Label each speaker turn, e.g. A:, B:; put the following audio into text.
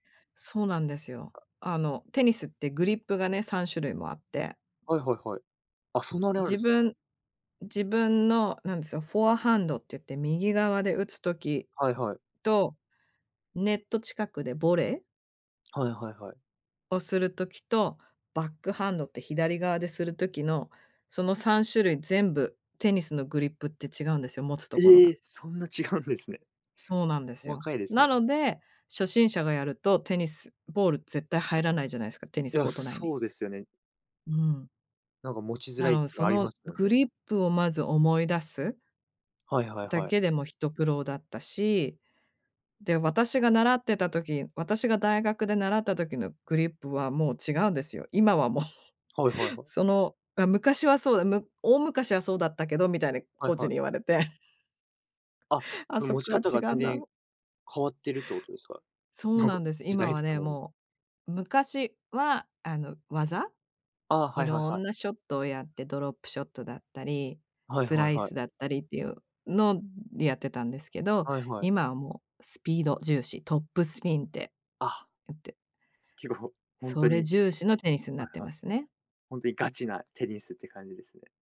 A: そうなんですよ。あのテニスってグリップがね、3種類もあって。
B: はいはいはい。あ、そんなにあるん
A: 自
B: ですか？
A: 分自分の何でしょう、フォアハンドって言って、右側で打つ時
B: はいはい。
A: と、ネット近くでボレー
B: はいはいはい。
A: をする時と、バックハンドって左側でする時の、その3種類全部テニスのグリップって違うんですよ、持つところ
B: え
A: が。
B: え、そんな違うんですね。
A: そうなんです
B: 細
A: よ。
B: かいです
A: な
B: ね。
A: ので、初心者がやるとテニス、ボール絶対入らないじゃないですか、テニ
B: い
A: ス
B: や、
A: コート内に。
B: そうですよね。
A: うん。
B: なんか持ちづ
A: な
B: らいっ
A: ので、
B: てゆう
A: そ
B: のあり
A: の
B: ますよ
A: グ
B: ね。
A: リップをまず思い出す
B: はいはい
A: だ
B: はい。
A: けでも一苦労だったし、で、私が習ってた時私が大学で習った時のグリップはもう違うんですよ。今はもう。
B: はいはいはい。
A: その、あ、昔はそうだ、む大昔はそうだったけどみたいな
B: は
A: コ
B: い
A: ーチ
B: はい。
A: に言われて。
B: あ、
A: あ、
B: うん、
A: そ
B: 持ち
A: こが
B: 方
A: 違
B: が
A: う
B: 全
A: んだ
B: 然
A: も
B: 変わってるってことですか？
A: そう
B: なんか、
A: なんです。
B: 時
A: 今
B: 代
A: は
B: とと
A: ね、
B: もに。
A: もう、昔はあの、技？
B: ああ、
A: い
B: はいはい
A: ろ
B: はい。
A: んなショットをやってドロップショットだったり、
B: はい
A: ス
B: は
A: ラ
B: い
A: イ
B: はい。
A: スだったりっていうのでやってたんですけど、
B: はいはい。
A: 今はもうスピード重視、トップスピンって
B: あ。
A: いって。
B: 結構、ほんと
A: それ
B: に。
A: 重視のテニスにな
B: はい
A: って
B: はい。
A: ますね。
B: 本当にガチなテニスって感じですね。